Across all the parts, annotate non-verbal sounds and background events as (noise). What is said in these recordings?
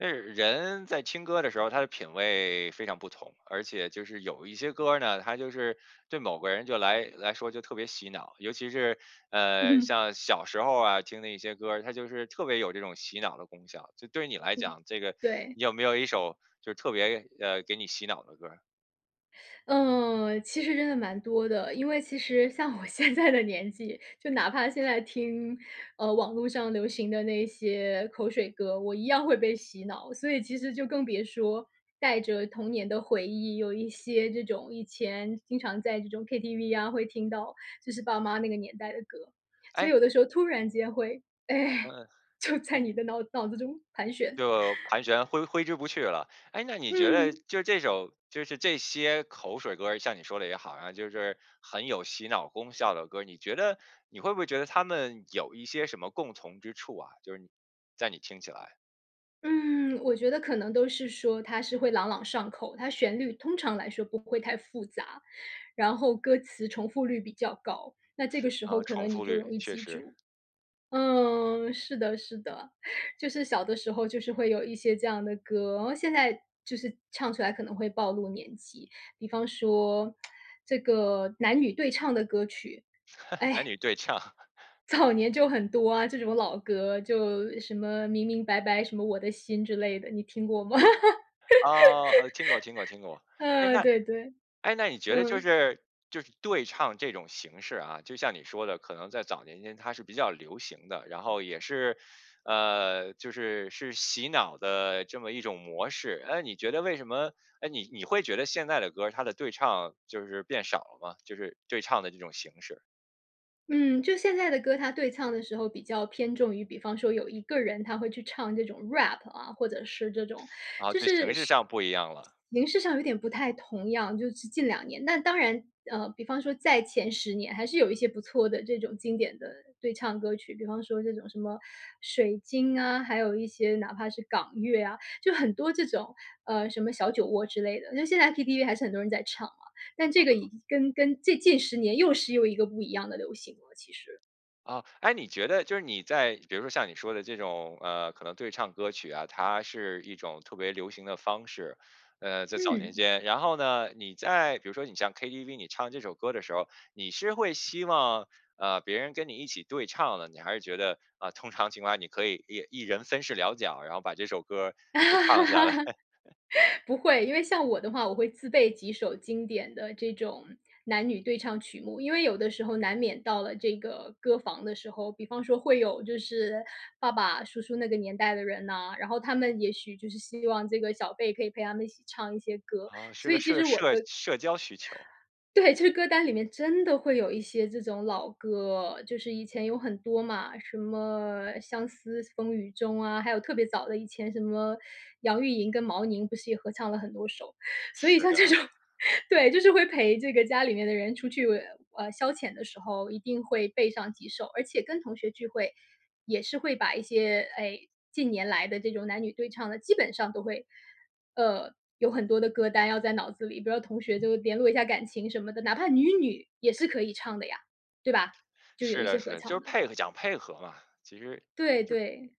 呃，人在听歌儿的时候，他的品味非常不同。而且就是有一些歌儿呢，它就是对某个人就来来说就特别洗脑，尤其是，嗯呃，哼。像小时候儿啊，听的一些歌儿。它就是特别有这种洗脑的功效，就对你来嗯，讲，这个对。你有没有1首就是特别呃，给你洗脑的歌儿？呃，其实真的蛮多的。因为其实像我现在的年纪，就哪怕现在听，呃，网路上流行的那些口水歌，我一样会被洗脑。所以其实就更别说带着童年的回忆，有一些这种以前经常在这种 KTV 啊，会听到就是爸妈那个年代的歌。所以诶有的时候突然间会哎，嗯，就诶在你的脑脑子中盘旋。就盘旋挥挥之不去了。诶，那你觉得嗯。就这首就是这些口水歌儿像你说的也好啊，就是很有洗脑功效的歌儿，你觉得你会不会觉得它们有一些什么共同之处啊，就是你在你听起来。嗯，我觉得可能都是说它是会朗朗上口，它旋律通常来说不会太复杂，然后歌词重复率比较高，那这个 (sucks teeth) 时候哦，可重能你复就率，容易确记实。住。嗯，是的是的，就是小的时候就是会有一些这样的歌，然后现在就是唱出来可能会暴露年纪。比方说 (tsk) 这个男女对唱的歌曲。(laughs) 男哎女对唱。(laughs) 早年就很多啊，这种老歌就什么明明白白什么我的心之类的，你听过吗？啊，呃，听过听过听 (laughs) 过。诶，嗯，那对对，诶，那你觉得就嗯。是就是对唱这种形式啊，就像你说的，可能在早年间它是比较流行的，然后也是，呃，就是，是洗脑的这么一种模式。诶，你觉得为什么诶，你你会觉得现在的歌儿它的对唱就是变少了吗？就是对唱的这种形式。嗯，就现在的歌，它对唱的时候比较偏重于比方说有一个人他会去唱这种 Rap 啊，或者是这种，啊，就就形是，式是上不一样了。形式上有点不太同样，就是近2年。那当然，呃，比方说在前10年还是有一些不错的这种经典的对唱歌曲，比方说这种什么《水晶》啊，还有一些哪怕是港乐啊，就很多这种，呃，什么《小酒窝》之类的，那现在 KTV 还是很多人在唱嘛。但嗯这个哼。已经跟跟这近10年又是又一个不一样的流行了，其实。啊，诶，你觉得就是你在比如说像你说的这种，呃，可能对唱歌曲啊，它是一种特别流行的方式，呃，在早年嗯。间。然后呢，你在比如说你像 KTV 你唱这首歌儿的时候，你是会希望，呃，别人跟你一起对唱呢，你还是觉得啊，通常情况下你可以一一人分饰两角，然后把这首歌儿给唱下来。(laughs) (laughs) 不会。因为像我的话，我会自备几首经典的这种男女对唱曲目，因为有的时候难免到了这个歌房的时候，比方说会有就是爸爸、叔叔那个年代的人呐，然后他们也许就是希望这个小辈可以陪他们一起唱一些歌，啊，是所个以其社实我的社社交需求。对，就是歌单里面真的会有一些这种老歌，就是以前有很多嘛，什么《相思风雨中》啊，还有特别早的以前什么杨玉莹跟毛宁不是也合唱了很多首。所以是像这的。种，对，就是会陪这个家里面的人出去，呃，消遣的时候一定会备上几首。而且跟同学聚会，也是会把一些，哎，近年来的这种男女对唱的基本上都会，呃，有很多的歌单要在脑子里，比如说同学就联络一下感情什么的，哪怕女女也是可以唱的呀，对吧？就有是一的些是合的，就是唱的配合讲配合嘛，其实就对对。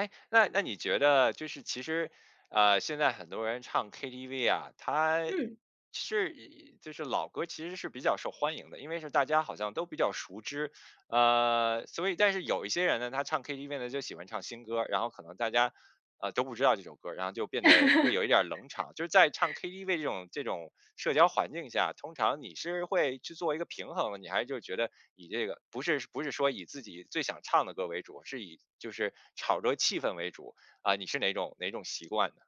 诶，那那你觉得就是其实，呃，现在很多人唱 KTV 啊，它嗯。是就是老歌儿，其实是比较受欢迎的。因为是大家好像都比较熟知，呃，所以但是有一些人呢，他唱 KTV 呢，就喜欢唱新歌儿，然后可能大家，啊，都不知道这首歌儿，然后就变得会有一点儿冷场。就是在唱 (laughs) KTV 这种这种社交环境下，通常你是会去做一个平衡呢，你还是就觉得以这个不是不是说以自己最想唱的歌儿为主，是以就是炒着气氛为主，啊，你是哪种哪种习惯呢？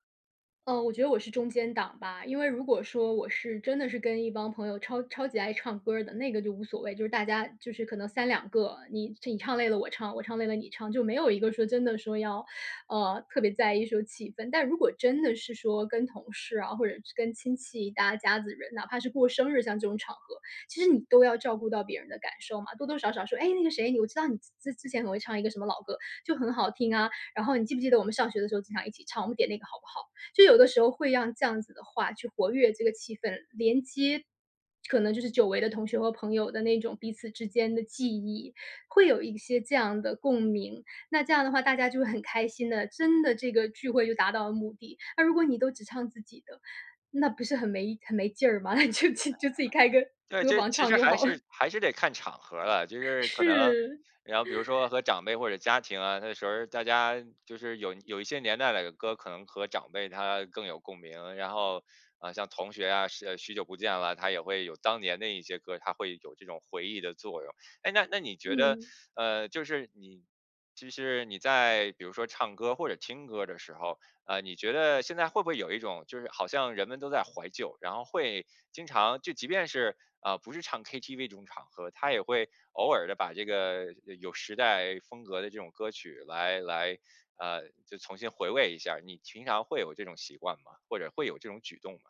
呃，我觉得我是中间档吧，因为如果说我是真的是跟一帮朋友超超级爱唱歌儿的，那个就无所谓，就是大家就是可能32个，你你唱累了我唱，我唱累了你唱，就没有一个说真的说要，呃，特别在意说气氛。但如果真的是说跟同事啊，或者是跟亲戚大家子人，哪怕是过生日，像这种场合，其实你都要照顾到别人的感受嘛，多多少少说：“哎那个谁，你，我知道你之之前很会唱一个什么老歌，就很好听啊，然后你记不记得我们上学的时候经常一起唱，我们点那个好不好？”就有的时候会让这样子的话去活跃这个气氛，连接可能就是久违的同学和朋友的，那种彼此之间的记忆，会有一些这样的共鸣，那这样的话，大家就会很开心的，真的这个聚会就达到了目的。那如果你都只唱自己的，那不是很没很没劲儿吗？(chuckles) 那你就就自己开个对，歌这房其唱实就还好了。是还是得看场合了，就是可能是。然后比如说 (chuckles) 和长辈或者家庭啊，那时候大家就是有有一些年代的歌，可能和长辈他更有共鸣，然后 (sucks teeth) 啊像同学啊，许许久不见了，它也会有当年的一些歌，它会有这种回忆的作用。(sucks teeth) 诶，那那你觉得，嗯。(sucks teeth) 呃，就是你其实你在比如说唱歌，或者听歌的时候，呃，你觉得现在会不会有一种就是，好像人们都在怀旧，然后会经常就即便是，呃，不是唱 ktv 这种场合，它也会偶尔地把这个呃有时代风格的这种歌曲来来，(sucks teeth) 呃，就重新回味一下。你平常会有这种习惯吗？或者会有这种举动吗？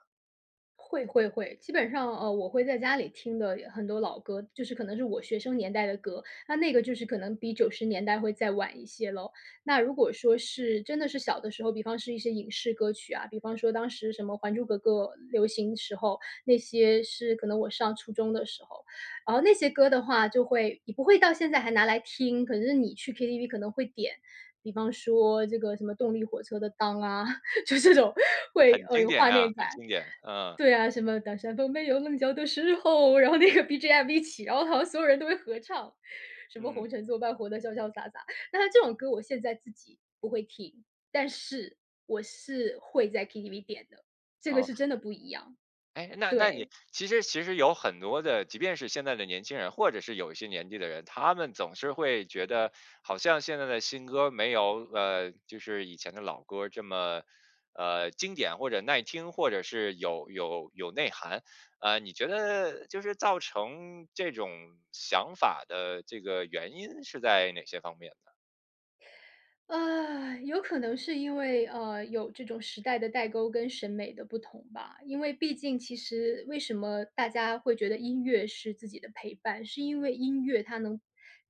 会会会，基本上，呃，我会在家里听的很多老歌，就是可能是我学生年代的歌。那那个就是可能比90年代会再晚一些咯。那如果说是真的是小的时候，比方是一些影视歌曲啊，比方说当时什么《还珠格格》流行时候，那些是可能我上初中的时候。然后那些歌的话就会也不会到现在还拿来听，可是你去 KTV 可能会点，比方说这个什么动力火车的《当》啊，(chuckles) 就这种会，很呃，经有典画啊，面感。很经典，啊。对啊，什么当山峰没有棱角的时候，然后那个 BGM 一起，然后好像所有人都会合唱。什么嗯。红尘作伴活得潇潇洒洒，但是这种歌我现在自己不会听，但是，我是会在 KTV 点的，这个哦。是真的不一样。诶，那那你对。其实其实有很多的，即便是现在的年轻人，或者是有一些年纪的人，他们总是会觉得好像现在的新歌儿没有呃，就是以前的老歌儿这么，呃，经典或者耐听，或者是有有有内涵。呃，你觉得就是造成这种想法的这个原因是在哪些方面呢？(sighs) 有可能是因为，呃，有这种时代的代沟跟审美的不同吧。因为毕竟其实为什么大家会觉得音乐是自己的陪伴，是因为音乐它能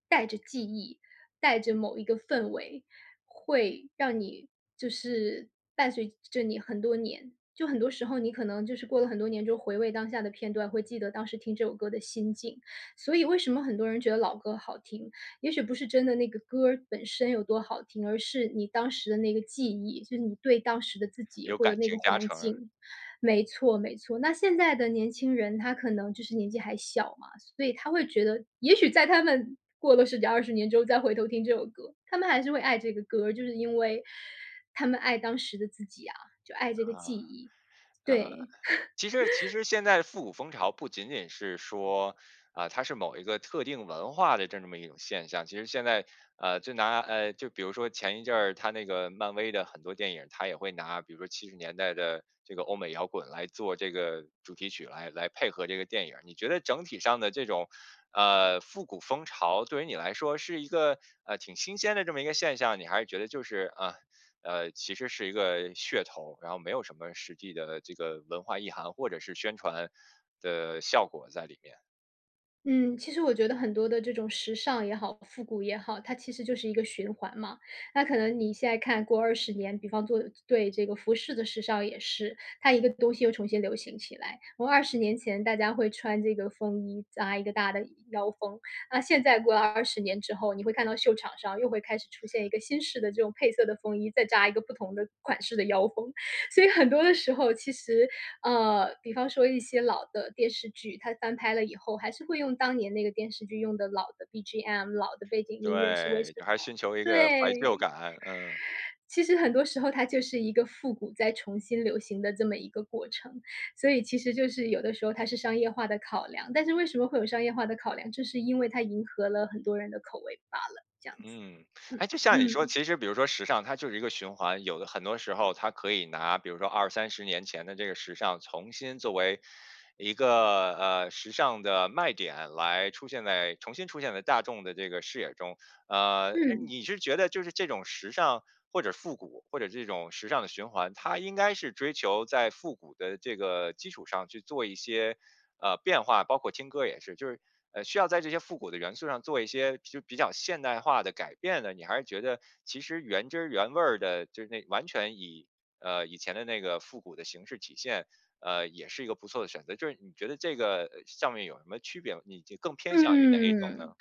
带着记忆、带着某一个氛围，会让你就是伴随着着你很多年。就很多时候你可能就是过了很多年之后回味当下的片段，会记得当时听这首歌的心境。所以为什么很多人觉得老歌好听，也许不是真的那个歌儿本身有多好听，而是你当时的那个记忆，就是你对当时的自己有或者感那情个加环成儿。境。没错，没错，那现在的年轻人他可能就是年纪还小嘛，所以他会觉得也许在他们过了10几20年之后再回头听这首歌，他们还是会爱这个歌儿，就是因为，他们爱当时的自己啊，就爱这个记忆，呃，呃，对。其实其 (laughs) 实现在复古风潮不仅仅是说，啊，它是某一个特定文化的这么一种现象。其实现在，呃，就拿，呃，就比如说前一阵儿，它那个漫威的很多电影，它也会拿，比如说70年代的这个欧美摇滚来做这个主题曲来来配合这个电影儿。你觉得整体上的这种，呃，复古风潮对于你来说是一个，呃，挺新鲜的这么一个现象？你还是觉得就是，啊，呃，其实是一个噱头，然后没有什么实际的这个文化意涵，或者是宣传的效果在里面？嗯，其实我觉得很多的这种时尚也好，复古也好，它其实就是一个循环嘛。那可能你现在看过20年，比方说对这个服饰的时尚也是。它一个东西又重新流行起来，我20年前大家会穿这个风衣扎1个大的腰封，那现在过了20年之后，你会看到秀场上又会开始，出现一个新式的这种配色的风衣，再加一个不同的款式的腰封。所以很多的时候其实呃，比方说一些老的电视剧，它翻拍了以后，还是会用当年那个电视剧用的老的 BGM，老的背景音乐，是为什对，还么？寻求一个怀旧对。感，嗯。(inhales) 其实很多时候它就是一个复古在重新流行的这么一个过程，所以其实就是有的时候它是商业化的考量，但是为什么会有商业化的考量？就是因为它迎合了很多人的口味罢了，这样子，嗯，嗯诶，就像你说嗯。其实比如说时尚它就是一个循环，有的很多时候它可以拿比如说20、30年前的这个时尚重新作为一个，呃，时尚的卖点来出现在重新出现在大众的这个视野中。呃，嗯。你是觉得就是这种时尚或者复古，或者这种时尚的循环，它应该是追求在复古的这个基础上去做一些，呃，变化包括听歌也是，就是需要在这些复古的元素上，做一些就比较现代化的改变的？你还是觉得，其实原汁儿原味儿的就那完全以呃，以前的那个复古的形式体现，呃，也是一个不错的选择，就是你觉得这个上面有什么区别吗？你更偏向于哪一种呢？嗯，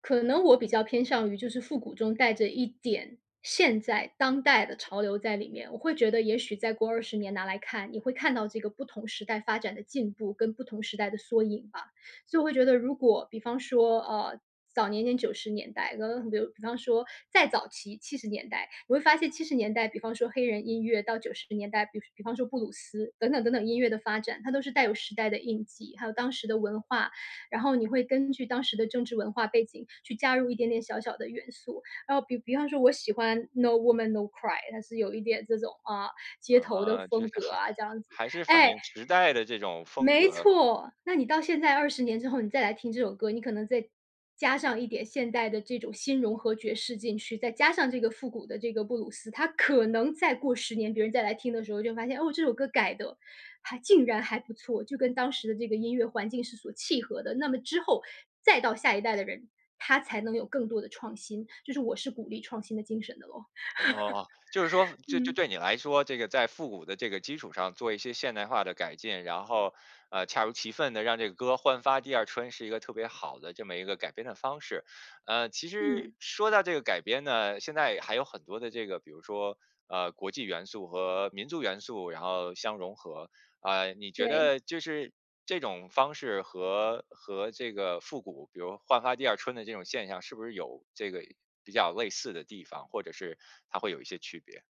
可能我比较偏向于就是复古中带着一点现在当代的潮流在里面。我会觉得也许再过20年拿来看，你会看到这个不同时代发展的进步，跟不同时代的缩影吧。所以我会觉得如果比方说，呃，早年间90年代，(unintelligible) 比方说再早期70年代，你会发现70年代比方说黑人音乐，到90年代比比方说布鲁斯等等等等，音乐的发展，它都是带有时代的印记，还有当时的文化。然后你会根据当时的政治文化背景，去加入一点点小小的元素，然后比比方说我喜欢《No woman，No cry》，它是有一点这种，啊，街头的啊，就风是格还啊这样子还是反哎，映时代的这种风没格。错。那你到现在20年之后，你再来听这首歌，你可能再加上一点现代的这种新融合爵士进去，再加上这个复古的这个布鲁斯，它可能再过10年，别人再来听的时候就发现，哦，这首歌改得还竟然还不错，就跟当时的这个音乐环境是所契合的。那么之后，再到下一代的人，他才能有更多的创新，就是我是鼓励创新的精神的咯。哦，就是说 (chuckles) 就就嗯。对你来说，这个在复古的这个基础上做一些现代化的改进，然后，呃，恰如其分地让这个歌焕发第二春，是一个特别好的这么一个改编的方式。呃，其实嗯。说到这个改编呢，现在还有很多的这个，比如说，呃，国际元素和民族元素然后相融合。呃，你觉对。得就是这种方式和和这个复古，比如焕发第二春的这种现象，是不是有这个比较类似的地方，或者是它会有一些区别？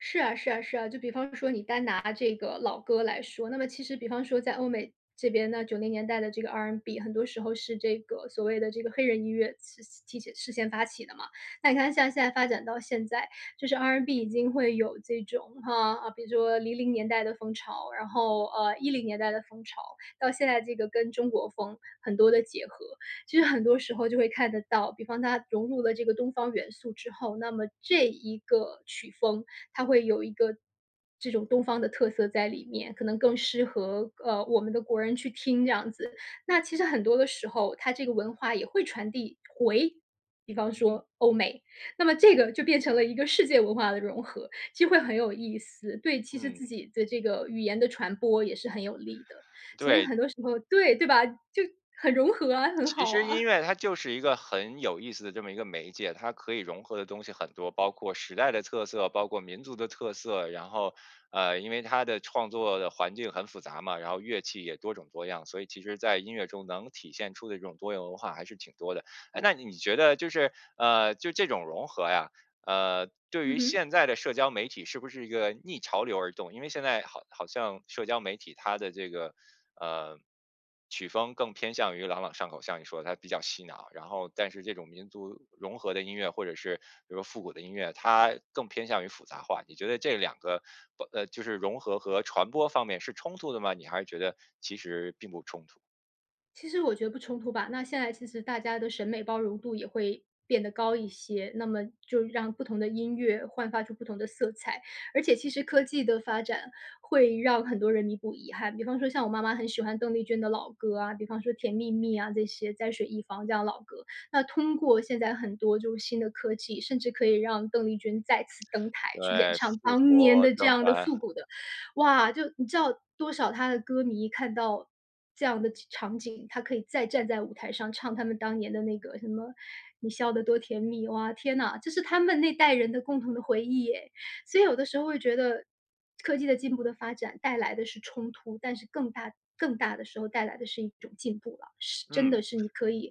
是啊，是啊，是啊，就比方说你单拿这个老歌来说，那么其实比方说在欧美这边呢，90年代的这个 R&B 很多时候是这个所谓的这个黑人音乐是其事先发起的嘛。那你看像现在发展到现在，就是 R&B 已经会有这种，啊，比如说00年代的风潮，然后，呃，10年代的风潮，到现在这个跟中国风很多的结合。其实很多时候就会看得到，比方它融入了这个东方元素之后，那么这一个曲风它会有一个这种东方的特色在里面，可能更适合，呃，我们的国人去听这样子。那其实很多的时候，它这个文化也会传递回比方嗯。说欧美，那么这个就变成了一个世界文化的融合，就会很有意思，对其实嗯。自己的这个语言的传播也是很有利的。所以对。很多时候对，对吧？就，很融合啊，很其好实音啊。乐它就是一个很有意思的这么一个媒介，它可以融合的东西很多，包括时代的特色、包括民族的特色。然后，呃，因为它的创作的环境很复杂嘛，然后乐器也多种多样，所以其实在音乐中能体现出的这种多元文化还是挺多的。诶，那你你觉得就是，呃，就这种融合呀，呃，对嗯于哼。现在的社交媒体是不是一个逆潮流而动？因为现在好好像社交媒体它的这个，呃，曲风更偏向于朗朗上口，像你说的：“它比较洗脑。”然后但是这种民族融合的音乐，或者是比如说复古的音乐，它更偏向于复杂化。你觉得这2个不呃，就是融合和传播方面是冲突的吗？你还是觉得其实并不冲突？其实我觉得不冲突吧，那现在其实大家的审美包容度也会变得高一些，那么就让不同的音乐焕发出不同的色彩。而且其实科技的发展，会让很多人弥补遗憾。比方说像我妈妈很喜欢邓丽君的老歌啊，比方说甜蜜蜜啊这些，在水一方这样的老歌，那通过现在很多就是新的科技，甚至可以让邓丽君再次登台，去演对，唱复当年活的这登样的台。复古的哇，就你知道多少她的歌迷看到这样的场景，她可以再站在舞台上唱他们当年的那个什么你笑得多甜蜜，哇，天呐，这是他们那代人的共同的回忆诶。所以有的时候会觉得，科技的进步的发展带来的是冲突，但是更大更大的时候带来的是一种进步了，是真嗯。的是你可以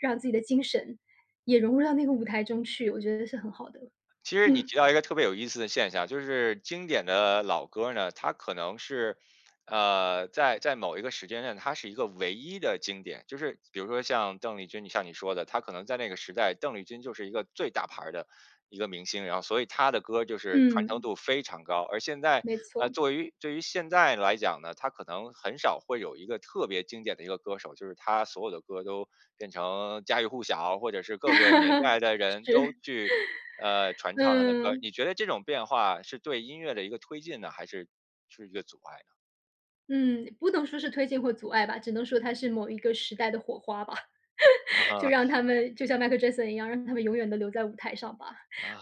让自己的精神，也融入到那个舞台中去，我觉得是很好的。其实你嗯。提到一个特别有意思的现象，就是经典的老歌儿呢，它可能是，呃，在在某一个时间呢，它是一个唯一的经典，就是比如说像邓丽君，你像你说的，她可能在那个时代，邓丽君就是一个，最大牌儿的一个明星，然后所以她的歌儿就是传承嗯。度非常高。而现在，没呃，错。作为对于现在来讲呢，他可能很少会有一个特别经典的一个歌手，就是他所有的歌都变成家喻户晓，或者是各个年 (laughs) 代的人，都是。去，呃，(inhales) 传唱他的歌儿。嗯。你觉得这种变化是对音乐的一个推进呢，还是是一个阻碍呢？嗯，不能说是推进或阻碍吧，只能说它是某一个时代的火花吧。(laughs) 就嗯。让他们就像 Michael Jackson 一样，让他们永远都留在舞台上吧，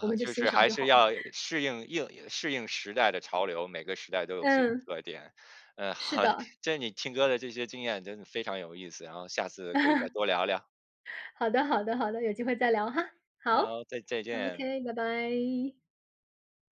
我们就就欣是赏还就是好了。要适应应适应时代的潮流，每个时代都有自己的嗯。特点。(sucks teeth) 呃是很，的。这你听歌的这些经验真的非常有意思，然后下次可以再 (laughs) 多聊聊。好的好的好的，有机会再聊哈，好好，再再见。，okay，拜拜。